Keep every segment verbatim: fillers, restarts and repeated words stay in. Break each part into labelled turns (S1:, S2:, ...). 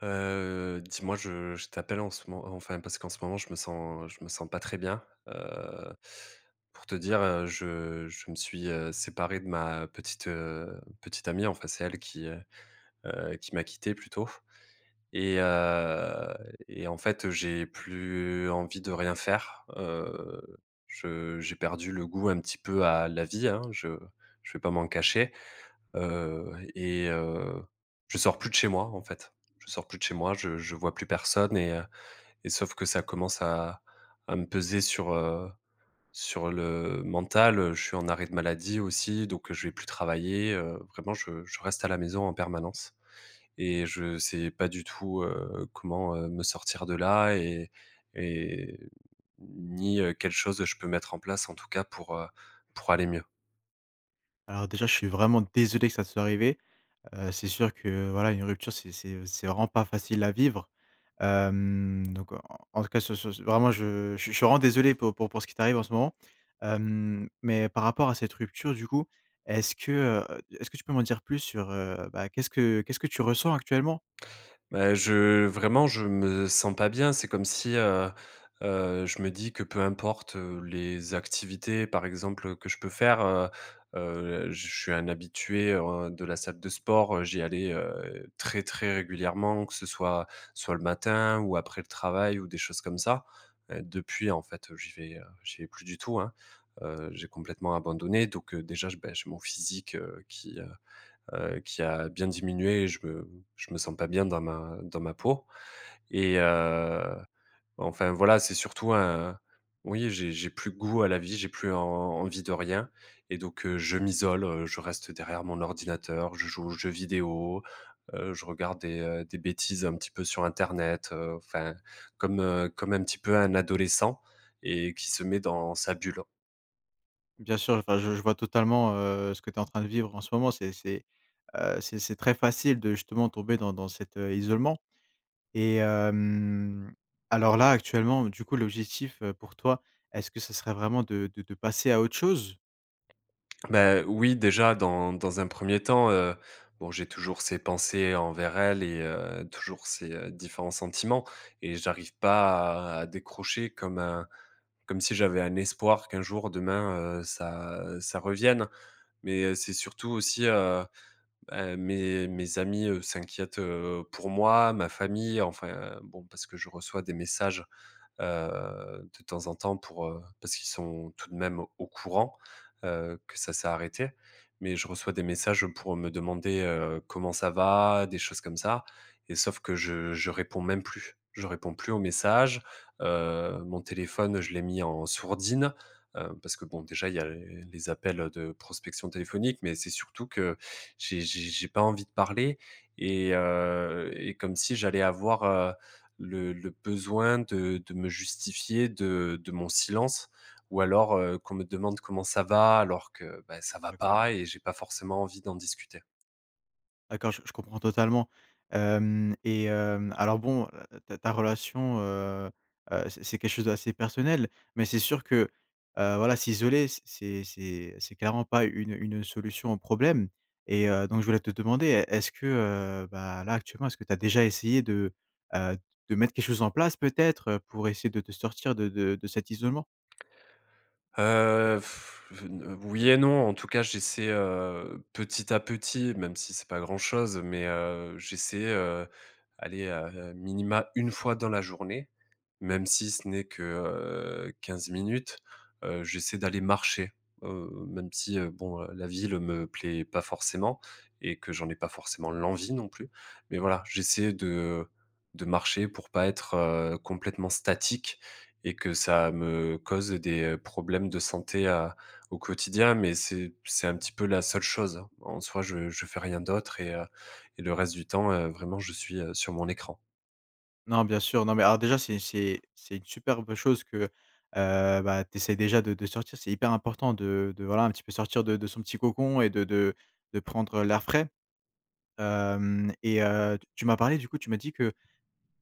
S1: Heu, dis-moi, je je t'appelle en ce mo enfin parce qu'en ce moment, je me sens je ne me sens pas très bien. Heu, pour te dire, heu, je je me suis, heu, séparé de ma petite, petite, heu, amie, enfin c'est elle qui, heu heu, qui m'a quitté plutôt et heu et en fait, j'ai plus envie de rien faire, heu, je j'ai perdu le goût un petit peu à la vie, hein. Je je vais pas m'en cacher, heu et heu, je sors plus de chez moi, en fait, je sors plus de chez moi, je je vois plus personne et heu et sauf que ça commence à à me peser sur, heu, sur le mental, heu. Je suis en arrêt de maladie aussi, donc je vais plus travailler heu. Vraiment, je je reste à la maison en permanence et je sais pas du tout, heu, comment me sortir de là et et ni heu, quelle chose je peux mettre en place, en tout cas pour, heu, pour aller mieux.
S2: Alors déjà, je suis vraiment désolé que ça te soit arrivé. Heu, c'est sûr que, voilà, une rupture, c'est c'est c'est vraiment pas facile à vivre. Hem, donc en en en tout cas sur, ce ce vraiment je je suis vraiment désolé pour pour pour ce qui t'arrive en ce moment, hem, mais par rapport à cette rupture du coup. Est-ce que heu, est-ce que tu peux m'en dire plus sur, bah, qu'est-ce que qu'est-ce que tu ressens actuellement?
S1: Bah je vraiment, je me sens pas bien. C'est comme si heu heu, je me dis que peu importe les activités par exemple que je peux faire, heu heu, je suis un habitué, ouais, de la salle de sport. Heu, j'y allais heu très, très régulièrement, que ce soit, soit le matin ou après le travail ou des choses comme ça. Heu, depuis, en fait, j'y vais heu, j'y vais plus du tout, hein, heu, j'ai complètement abandonné. Donc heu, déjà, je beh, j'ai mon physique, heu, qui, heu heu, qui a bien diminué et je me je me sens pas bien dans ma dans ma peau. Et heu, enfin, voilà, c'est surtout un oui, j'ai j'ai plus goût à la vie, j'ai plus en en envie de rien et donc heu, je m'isole, je reste derrière mon ordinateur, je joue aux jeux vidéo, heu, je regarde des, heu, des bêtises un petit peu sur Internet, heu, enfin, comme, heu, comme un petit peu un adolescent et qui se met dans sa bulle.
S2: Bien sûr, enfin je je vois totalement, heu, ce que tu es en train de vivre en ce moment, c'est c'est, heu, c'est c'est très facile de justement tomber dans dans cet isolement et hem, alors là actuellement du coup l'objectif, heu, pour toi est-ce que ce serait vraiment de de de passer à autre chose?
S1: Bah, oui, déjà dans dans un premier temps, heu, bon j'ai toujours ces pensées envers elle et heu, toujours ces différents sentiments et j'arrive pas à à décrocher comme un comme si j'avais un espoir qu'un jour, demain, heu, ça ça revienne. Mais c'est surtout aussi, heu, ben, mes mes amis, heu, s'inquiètent, heu, pour moi, ma famille. Enfin bon, parce que je reçois des messages, heu, de temps en temps pour heu, parce qu'ils sont tout de même au courant. Heu, que ça s'est arrêté. Mais je reçois des messages pour me demander, heu, comment ça va, des choses comme ça et sauf que je je réponds même plus. Je réponds plus aux messages, heu, mon téléphone, je l'ai mis en sourdine. Heu, parce que, bon, déjà, il y a les appels de prospection téléphonique. Mais c'est surtout que j'ai j'ai j'ai pas envie de parler et heu et comme si j'allais avoir, heu, le le besoin de de me justifier de de mon silence, ou alors, heu, qu'on me demande: «Comment ça va?» alors que, beh, ça va
S2: D'accord.
S1: pas et j'ai pas forcément envie d'en discuter.
S2: D'accord, je je comprends totalement. Hem et hem, alors, bon, ta ta relation, heu heu, c'est c'est quelque chose d'assez personnel, mais c'est sûr que, heu, voilà s'isoler, c'est c'est c'est clairement pas une une solution au problème et heu, donc je voulais te demander est est-ce que bah, là actuellement, est-ce que tu as déjà essayé de, heu, de mettre quelque chose en place peut-être pour essayer de te sortir de de de cet isolement?
S1: Heu, n oui et non. En tout cas, j'essaie, heu, petit à petit, même si c'est pas grand-chose, mais heu, j'essaie, heu, aller, heu, à minima une fois dans la journée, même si ce n'est que, heu, quinze minutes, heu, j'essaie d'aller marcher, heu, même si, heu, bon, la ville me plaît pas forcément et que j'en ai pas forcément l'envie non plus. Mais voilà, j'essaie de de marcher pour pas être complètement statique et que ça me cause des problèmes de santé, heu, au quotidien. Mais c'est c'est un petit peu la seule chose, hein. En soi, je je fais rien d'autre et et le reste du temps, heu, vraiment, je suis, heu, sur mon écran.
S2: Non, bien sûr. Non, mais alors déjà, c'est c'est c'est une superbe chose que, heu heu, bah, t'essaies déjà de de sortir. C'est hyper important de de voilà, un petit peu sortir de de son petit cocon et de de de prendre l'air frais. Hem et heu, tu m'as parlé, du coup. Tu m'as dit que,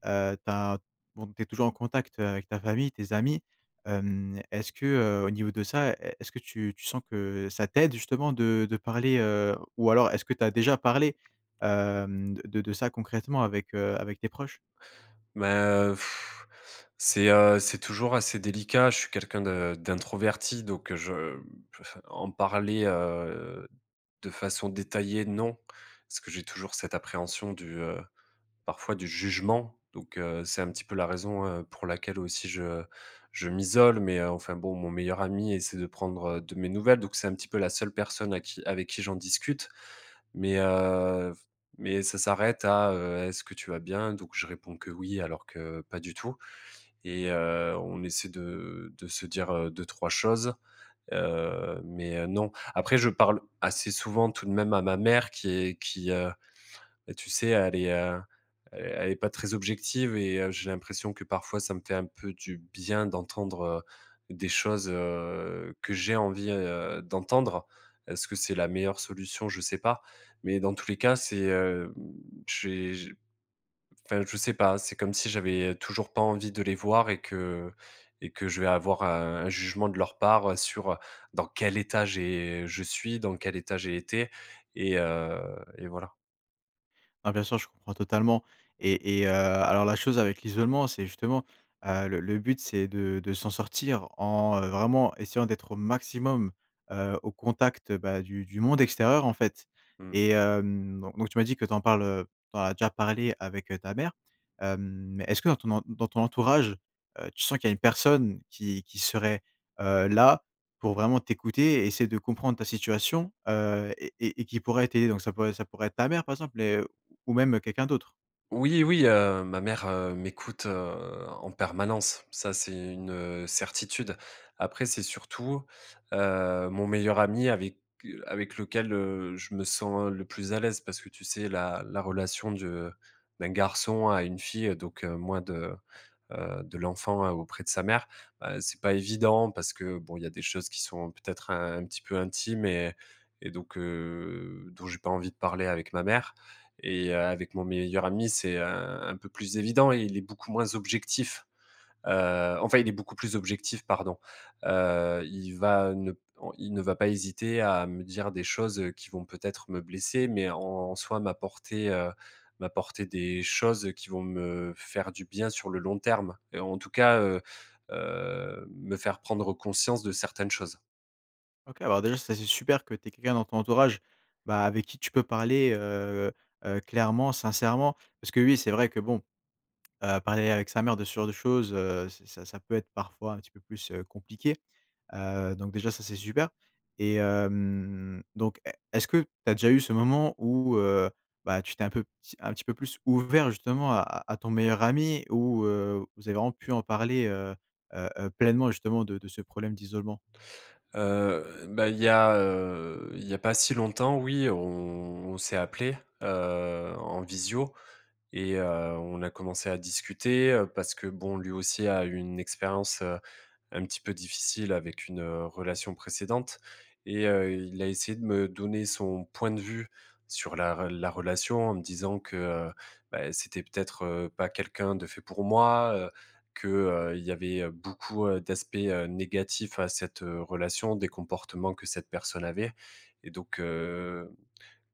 S2: heu, tu as bon, tu es toujours en contact avec ta famille, tes amis. Hem, est-ce que, heu, au niveau de ça, e est-ce que tu tu sens que ça t'aide, justement, de de parler, heu? Ou alors, est-ce que tu as déjà parlé, hem, de de ça concrètement avec, heu, avec tes proches?
S1: Mais, heu, pff c'est, heu, c'est toujours assez délicat. Je suis quelqu'un de d'introverti, donc heu, je f en parler, heu, de façon détaillée, non. Parce que j'ai toujours cette appréhension du, heu, parfois, du jugement. Donc, heu, c'est un petit peu la raison, heu, pour laquelle aussi je je m'isole. Mais enfin bon, mon meilleur ami essaie de prendre de mes nouvelles. Donc, c'est un petit peu la seule personne à qui avec qui j'en discute. Mais, heu, mais ça s'arrête à, heu: «Est-ce que tu vas bien?» Donc, je réponds que oui, alors que pas du tout. Et heu, on essaie de de se dire, heu, deux-trois choses, heu, mais non. Après, je parle, assez souvent, tout de même, à ma mère qui est qui, heu, tu sais, elle est elle est pas très objective. Et heu, j'ai l'impression que, parfois, ça me fait un peu du bien d'entendre, heu, des choses, heu, que j'ai envie, heu, d'entendre. Est-ce que c'est la meilleure solution? Je sais pas. Mais dans tous les cas, c'est, heu j'ai enfin, je sais pas. C'est comme si j'avais toujours pas envie de les voir et que et que je vais avoir un jugement de leur part sur dans quel état j'ai je suis, dans quel état j'ai été et heu et voilà.
S2: Bah, bien sûr, je comprends totalement. Et et heu, alors, la chose avec l'isolement, c'est justement, heu, le le but, c'est de de s'en sortir en, heu, vraiment essayant d'être au maximum, heu, au contact, bah, du du monde extérieur, en fait.
S1: Mmh.
S2: Et hem, donc, tu m'as dit que tu en parles, heu, tu en as déjà parlé avec ta mère. Hem, mais est-ce que, dans en dans ton entourage, heu, tu sens qu'il y a une personne qui qui serait, heu, là, pour vraiment t'écouter et essayer de comprendre ta situation, heu et et et qui pourrait t'aider? Donc ça pourrait ça pourrait être ta mère, par exemple, mais, heu, ou même quelqu'un d'autre.
S1: Oui, oui. Heu, ma mère, heu, m'écoute, heu, en permanence. Ça, c'est une, heu, certitude. Après, c'est surtout, heu, mon meilleur ami avec avec lequel, heu, je me sens le plus à l'aise parce que, tu sais, la la relation de d'un garçon à une fille, donc, moins de, heu, de l'enfant auprès de sa mère. Ben, c'est pas évident parce que, bon, il y a des choses qui sont peut-être un petit peu intimes et et donc, heu, dont j'ai pas envie de parler avec ma mère. Et heu, avec mon meilleur ami, c'est un un peu plus évident et il est beaucoup moins objectif, heu, enfin, il est beaucoup plus objectif, pardon. Heu, il va ne il ne va pas hésiter à me dire des choses qui vont peut-être me blesser mais, en en soi m'apporter, heu, m'apporter des choses qui vont me faire du bien sur le long terme et en tout cas, heu heu, me faire prendre conscience de certaines choses.
S2: OK. Alors déjà, ça, c'est super que tu aies quelqu'un dans ton entourage, bah, avec qui tu peux parler, heu heu, clairement, sincèrement. Parce que oui, c'est vrai que, bon, heu, parler avec sa mère de ce genre de choses, heu, ça ça peut être parfois un petit peu plus, heu, compliqué. Heu, donc déjà, ça, c'est super. Et hem, donc, e est-ce que tu as déjà eu ce moment où, heu bah, tu t'es un peu, un pe un petit peu plus ouvert, justement, à à ton meilleur ami ou, heu, vous avez vraiment pu en parler, heu heu heu, pleinement, justement, de de ce problème d'isolement?
S1: Heu bah, il y a, heu, il y a pas si longtemps, oui, on s'est appelés, heu, en visio et heu, on a commencé à discuter parce que, bon, lui aussi a eu une expérience, heu, un petit peu difficile avec une relation précédente. Et heu, il a essayé de me donner son point de vue sur la re la relation en me disant que, heu bah, c'était peut-être, heu, pas quelqu'un de fait pour moi. Heu, que, heu, il y avait beaucoup, heu, d'aspects, heu, négatifs à cette, heu, relation, des comportements que cette personne avait. Et donc, heu,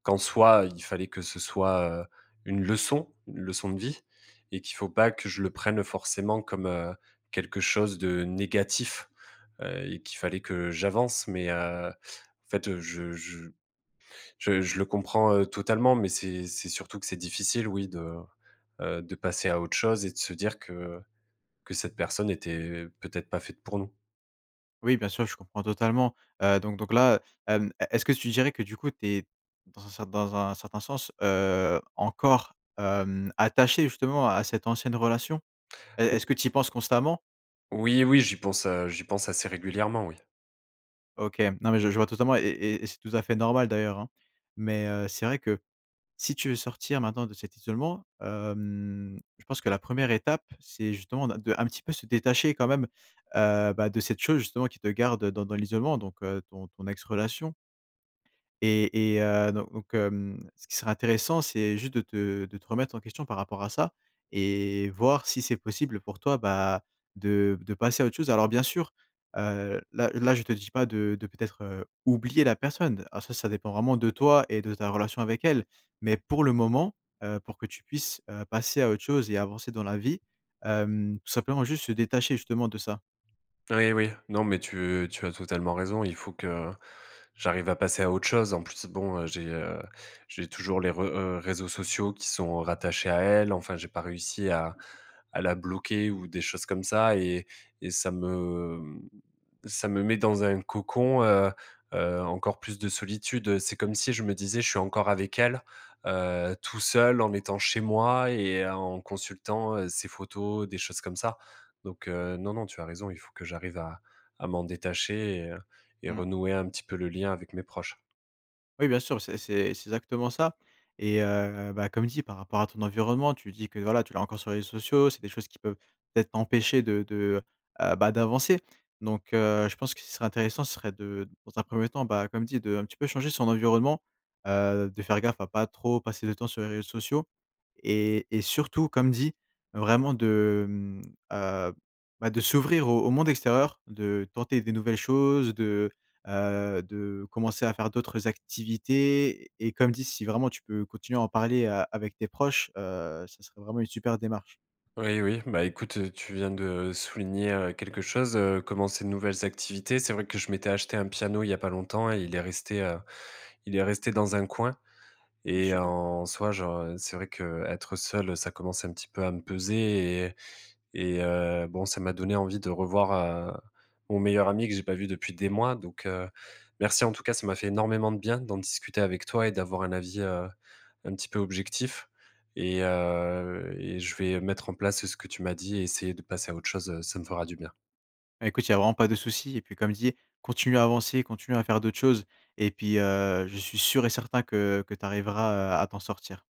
S1: qu'en soi, il fallait que ce soit, heu, une leçon, une leçon de vie et qu'il faut pas que je le prenne forcément comme, heu, quelque chose de négatif. Heu, qu'il fallait que j'avance. Mais, heu, en fait, je je je je le comprends totalement, mais c'est c'est surtout que c'est difficile, oui, de, heu, de passer à autre chose et de se dire que, heu, que cette personne était peut-être pas faite pour nous.
S2: Oui, bien sûr, je comprends totalement. Heu, donc donc là, hem, est-ce que tu dirais que, du coup, tu es, dans un ce dans un certain sens, heu, encore, hem, attaché justement à cette ancienne relation? Et
S1: Oui
S2: est-ce que tu y penses constamment?
S1: Oui, oui, j'y pense, heu, j'y pense assez régulièrement, oui.
S2: OK. Non, mais je je vois totalement et et et c'est tout à fait normal, d'ailleurs, hein. Mais heu, c'est vrai que si tu veux sortir maintenant de cet isolement, hem, je pense que la première étape, c'est justement de de, un petit peu, se détacher quand même, heu bah, de cette chose, justement, qui te garde dans dans l'isolement, donc ton ton ex-relation. Et et heu, do donc, mmh, ce qui serait intéressant, c'est juste de te de te remettre en question par rapport à ça et voir si c'est possible pour toi, bah, de de passer à autre chose. Alors, bien sûr, heu, là là je te dis pas de de peut-être oublier la personne. Ah, ça ça dépend vraiment de toi et de ta relation avec elle. Mais, pour le moment, heu, pour que tu puisses passer à autre chose et avancer dans la vie, hem, simplement, juste se détacher, justement, de ça.
S1: Oui, oui. Non, mais tu tu as totalement raison. Il faut que j'arrive à passer à autre chose. En plus, bon, j'ai, heu, j'ai toujours les re heu, réseaux sociaux qui sont rattachés à elle. Enfin, j'ai pas réussi à à la bloquer ou des choses comme ça et et ça me ça me met dans un cocon, heu heu, encore plus de solitude. C'est comme si je me disais: «Je suis encore avec elle, heu, tout seul, en étant chez moi et en consultant ses photos, des choses comme ça». Donc, heu, non non, tu as raison. Il faut que j'arrive à à m'en détacher et heu et
S2: Mmh.
S1: renouer un petit peu le lien avec mes proches.
S2: Oui, bien sûr. C'est c'est c'est exactement ça et heu, bah, comme dit par rapport à ton environnement, tu dis que, voilà, tu l'as encore sur les réseaux sociaux. C'est des choses qui peuvent peut-être empêcher de de, heu, bah, d'avancer. Donc, heu, je pense que ce qui serait intéressant, ce serait de, heu, de dans un premier temps, bah, comme dit, de un petit peu changer son environnement, heu, de faire gaffe à pas trop passer de temps sur les réseaux sociaux et et surtout comme dit, vraiment de, mmh, heu, bah, de s'ouvrir au au monde extérieur, de tenter des nouvelles choses, de, heu, de commencer à faire d'autres activités et comme dit, si vraiment, tu peux continuer à en parler, heu, avec tes proches, heu, ça serait vraiment une super démarche.
S1: Oui, oui, bah, écoute, tu viens de, heu, souligner, heu, quelque chose, heu, commencer de nouvelles activités. C'est vrai que je m'étais acheté un piano, il y a pas longtemps et il est resté, heu, il est resté dans un coin
S2: Ouais,
S1: et
S2: super.
S1: en soi, genre, heu, c'est vrai que, heu, être seul, ça commence un petit peu à me peser et et et heu, bon, ça m'a donné envie de revoir, heu, mon meilleur ami que j'ai pas vu depuis des mois donc, heu. Merci, en tout cas, ça m'a fait énormément de bien d'en discuter avec toi et d'avoir un avis, heu, un petit peu objectif et heu et je vais mettre en place ce que tu m'as dit et essayer de passer à autre chose, heu, ça me fera du bien.
S2: Bah, écoute, il y a vraiment pas de souci et puis, comme dis, continue à avancer, continue à faire d'autres choses et puis, heu, je suis sûr et certain que, heu, que tu arriveras, heu, à t'en sortir.